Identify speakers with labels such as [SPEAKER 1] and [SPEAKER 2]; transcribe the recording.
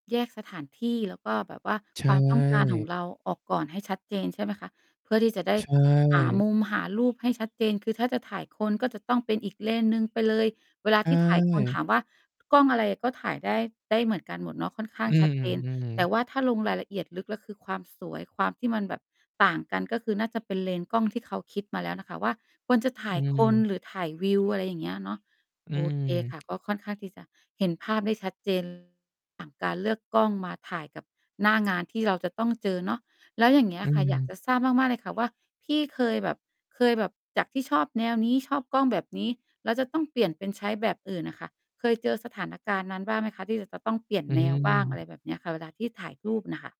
[SPEAKER 1] แยกสถานที่ แล้วก็แบบว่า
[SPEAKER 2] ใช
[SPEAKER 1] ความต้องการของ
[SPEAKER 2] ่
[SPEAKER 1] เราออกก่อนให้ชัดเจน ใช่ไหมคะ เพื่อที่จะได้
[SPEAKER 2] ใช
[SPEAKER 1] หา
[SPEAKER 2] ่
[SPEAKER 1] มุม หารูปให้ชัดเจน คือถ้าจะถ่ายคน ก็จะต้องเป็นอีกเลนส์หนึ่งไปเลย เวลา
[SPEAKER 2] ใช
[SPEAKER 1] ที่ถ่ายคน ถ
[SPEAKER 2] ่
[SPEAKER 1] ามว่ากล้องอะไร ก็ถ่ายได้ ได้เหมือนกันหมดเนาะ ค่อนข้า
[SPEAKER 2] อ
[SPEAKER 1] ง
[SPEAKER 2] ื
[SPEAKER 1] ชัดเจน
[SPEAKER 2] ม
[SPEAKER 1] แต
[SPEAKER 2] ๆ
[SPEAKER 1] ่ว่าถ้าลงรายละเอียดลึกแล้ว คือความสวย ความที่มันแบบต่างกัน ก็คือน่าจะเป็นเลนส์กล้องที่เขาคิดมาแล้วน่ะค่ะว่า ควรจะถ่
[SPEAKER 2] อ
[SPEAKER 1] า
[SPEAKER 2] ื
[SPEAKER 1] ยคน
[SPEAKER 2] ม
[SPEAKER 1] หรือถ่ายวิว อะไรอย่างเงี้ยเนาะ
[SPEAKER 2] อื
[SPEAKER 1] โอเคค่ะ
[SPEAKER 2] ม
[SPEAKER 1] ก็ค่อนข้างที่จะเห็นภาพได้ชัด เจน ต่าง การเลือกกล้องมาถ่ายกับหน้า งานที่เราจะต้องเจอเนาะ แล้วอย่างเงี้
[SPEAKER 2] อ
[SPEAKER 1] ย
[SPEAKER 2] ื
[SPEAKER 1] ค่ะ อยาก
[SPEAKER 2] ม
[SPEAKER 1] จะทราบมาก ๆ เลยค่ะว่า พี่เคยแบบ เคยแบบจากที่ชอบแนวนี้ ชอบกล้องแบบนี้ แล้วจะต้องเปลี่ยนเป็นใช้แบบอื่นอะค่ะ เคยเจอสถานการณ์นั้นบ้างไหมคะ? ที่เราจะต้องเปลี่ยน
[SPEAKER 2] อื
[SPEAKER 1] แนวบ้าง อะไร
[SPEAKER 2] ม
[SPEAKER 1] แบบเนี้ยค่ะ เวลาที่ถ่ายรูปน่ะค่ะ